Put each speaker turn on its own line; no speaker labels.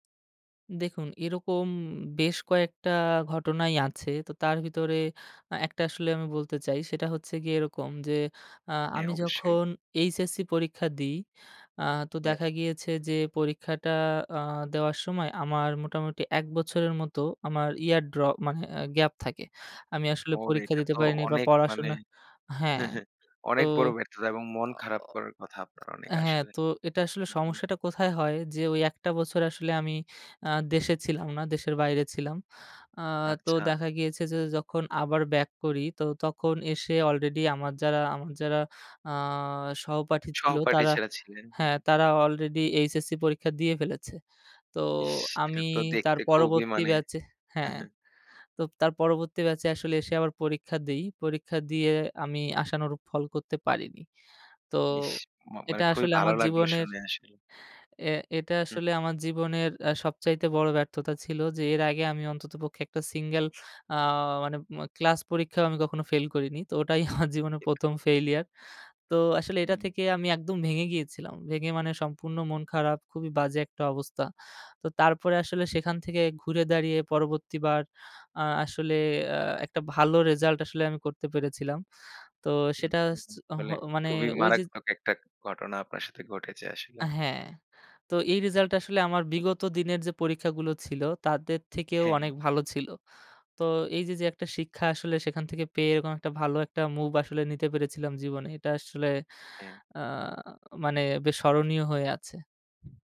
দেখুন এরকম বেশ কয়েকটা ঘটনাই আছে। তো তার ভিতরে আ ১ টা আসলে আমি বলতে চাই। সেটা হচ্ছে গিয়ে এরকম যে, আ
হ্যাঁ,
আমি
অবশ্যই।
যখন এইচএসসি পরীক্ষা দিই। আ তো
হ্যাঁ।
দেখা গিয়েছে যে, পরীক্ষাটা আ দেওয়ার সময় আমার মোটামুটি ১ বছরের মতো আমার ইয়ার ড্রপ, মানে এ গ্যাপ থাকে। আমি আসলে
ও!
পরীক্ষা
এটা
দিতে
তো
পারিনি বা
অনেক মানে,
পড়াশোনা হ্যাঁ, তো
অনেক বড় ব্যর্থতা এবং মন খারাপ করার কথা আপনার অনেক
হ্যাঁ,
আসলে।
তো এটা আসলে
হুম, হুম।
সমস্যাটা কোথায় হয়? যে, ওই ১ টা বছর আসলে আমি আ দেশে ছিলাম না, দেশের বাইরে ছিলাম। আ তো
আচ্ছা।
দেখা গিয়েছে যে, যখন আবার ব্যাক করি, তো তখন এসে অলরেডি আমার যারা, আমার যারা আ সহপাঠী ছিল
সহপাঠী
তারা
যারা ছিলেন। হুম,
হ্যাঁ,
হুম।
তারা অলরেডি এইচএসসি পরীক্ষা দিয়ে ফেলেছে। তো
ইস! এটা
আমি
তো
তার
দেখতে খুবই
পরবর্তী
মানে
ব্যাচে
হ্যাঁ,
হ্যাঁ,
হ্যাঁ।
তো তার পরবর্তী ব্যাচে আসলে এসে আবার পরীক্ষা দেই। পরীক্ষা দিয়ে আমি আশানরূপ ফল করতে পারিনি। তো
ইস! মা মানে
এটা
খুবই
আসলে
ভালো
আমার
লাগলো
জীবনের
শুনে আসলে।
এ এটা
হুম,
আসলে
হুম।
আমার জীবনের অ্যাঁ সবচাইতে বড় ব্যর্থতা ছিল। যে, এর আগে আমি অন্ততপক্ষে ১ টা সিঙ্গল আ মানে অ ক্লাস পরীক্ষাও আমি কখনো ফেইল করিনি। তো ওটাই আমার জীবনের
ঠিক।
১ম ফেইলিয়ার। তো আসলে এটা
হুম।
থেকে আমি একদম ভেঙে গিয়েছিলাম। ভেঙে মানে সম্পূর্ণ মন খারাপ, খুবই বাজে একটা অবস্থা। তো তারপরে আসলে সেখান থেকে ঘুরে দাঁড়িয়ে, পরবর্তী বার আ আসলে অ্যাঁ একটা ভালো রেজাল্ট আসলে আমি করতে পেরেছিলাম। তো
হুম,
সেটা
হুম,
হস
হুম। আসলে
হ মানে
খুবই
ওই যে
মারাত্মক একটা ঘটনা আপনার সাথে ঘটেছে আসলে।
হ্যাঁ। তো এই রিজাল্টটা আসলে আমার বিগত দিনের যে, পরীক্ষাগুলো ছিল, তাদের থেকেও
হ্যাঁ, হ্যাঁ।
অনেক ভালো ছিল। তো এই যে, যে, একটা শিক্ষা আসলে সেখান থেকে পেয়ে এরকম একটা ভালো একটা মুভ আসলে নিতে পেরেছিলাম জীবনে। এটা আসলে
হ্যাঁ।
আ মানে বেশ স্মরণীয় হয়ে আছে।